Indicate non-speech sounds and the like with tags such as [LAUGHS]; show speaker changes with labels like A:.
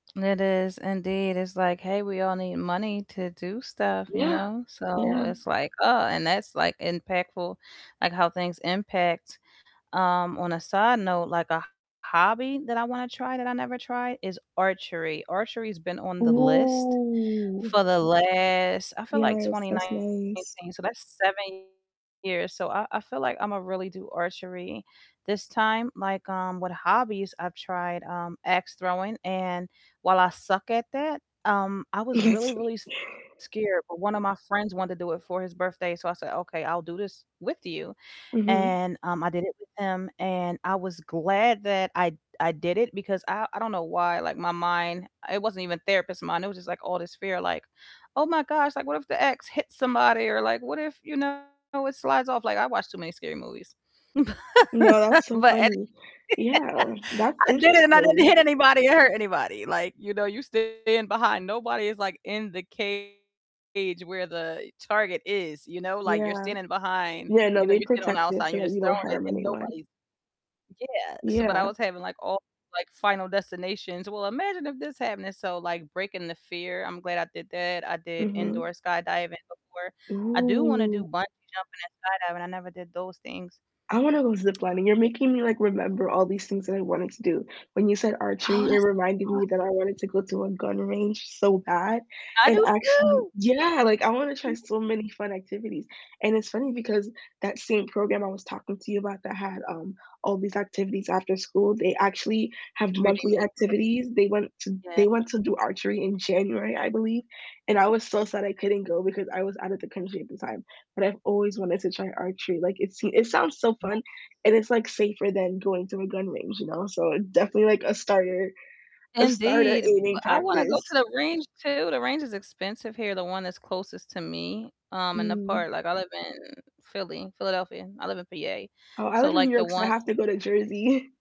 A: It is, indeed, it's like, "Hey, we all need money to do stuff," you
B: Yeah,
A: know? So,
B: yeah.
A: it's like, "Oh" and that's like impactful, like how things impact. Um, on a side note, like a h hobby that I wanna try that I never tried is archery. Archery's been on the list
B: Ooh.
A: for the last I feel like
B: Yes,
A: twenty
B: that's nice.
A: nineteen, so that's 7 years, so, I I feel like I'ma really do archery this time, like, um, with hobbies I've tried, um, ax throwing and while I suck at that, um, I was really, really
B: [CHUCKLES]
A: s scared, but one of my friends wanted to do it for his birthday, so I said, "Okay, I'll do this with you,"
B: Mhm.
A: and, um, I did it with him and I was glad that I I did it because I I don't know why, like my mind it wasn't even therapist mind, it was just like all this fear like, "Oh my gosh, like what if the ax hits somebody," or like, "What if, you know, it slides off?" Like, I watch too many scary movies.
B: No, that's
A: [LAUGHS]
B: so
A: But any
B: funny. Yeah, that's
A: [LAUGHS] I did it and I didn't hit
B: interesting.
A: anybody or hurt anybody, like, you know, you're stand behind, nobody is like in the cage where the target is, you know? Like you're
B: Yeah.
A: standing behind,
B: Yeah, no,
A: you know,
B: they
A: you're standing on the
B: protect
A: outside
B: it
A: and
B: so
A: you're
B: that
A: just
B: you
A: throwing
B: don't
A: it
B: harm
A: and
B: anyone.
A: nobody's Yeah. So, but I
B: Yeah.
A: was having like all these, like, final destinations, "Well, imagine if this happened," and so like breaking the fear, I'm glad I did that. I did indoor
B: Mhm.
A: skydiving before. I do wanna do
B: Ooh.
A: bungee jumping and skydiving, I never did those things.
B: I wanna go ziplining, you're making me, like, remember all these things that I wanted to do, when you said
A: Oh,
B: archery,
A: that's
B: it reminded
A: so
B: me that
A: awes
B: I wanted to go to a gun range so bad,
A: I
B: and
A: do
B: actually
A: too!
B: Yeah, like, I wanna try
A: Mhm.
B: so many fun activities, and it's funny because that same program I was talking to you about that had, um, all these activities after school, they actually have
A: Really
B: monthly
A: making the
B: activities, they want to
A: Yeah.
B: they want to do archery in January, I believe, and I was so sad I couldn't go because I was outta the country at the time, but I've always wanted to try archery, like, it seem it sounds so
A: Me
B: fun, and it's, like, safer than going to a gun range, you know? So definitely, like, a starter a starter
A: Indeed,
B: aiming
A: but, I wanna go to
B: practice.
A: the range too, the range is expensive here, the one that's closest to me, um, in the
B: Mm.
A: part, like I live in Philly, Philadelphia. I live in PA,
B: Oh, I
A: so
B: live in
A: like
B: New
A: the
B: York, so I
A: one
B: have to go to Jersey. [CHUCKLES]